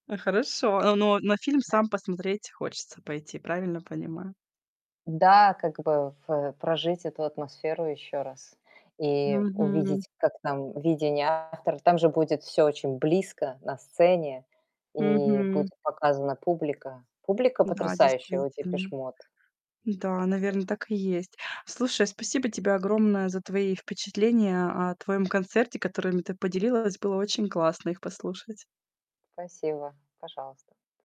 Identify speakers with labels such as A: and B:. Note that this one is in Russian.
A: А, хорошо, а, но на фильм
B: Да.
A: сам посмотреть хочется пойти. Правильно понимаю?
B: Да, как бы, ф э, прожить эту атмосферу еще раз и
A: Мгм.
B: увидеть, как там видение автор Там же будет всё очень близко на сцене и будет
A: Мгм.
B: показана публика. Публика
A: Да,
B: потрясающая у
A: действительно.
B: Depeche Mode.
A: Да,
B: Вот.
A: наверно, так и есть. Слушай, спасибо тебе огромное за твои впечатления о твоем концерте, которыми ты поделилась. Было очень классно их послушать.
B: Спасибо. Пожалуйста.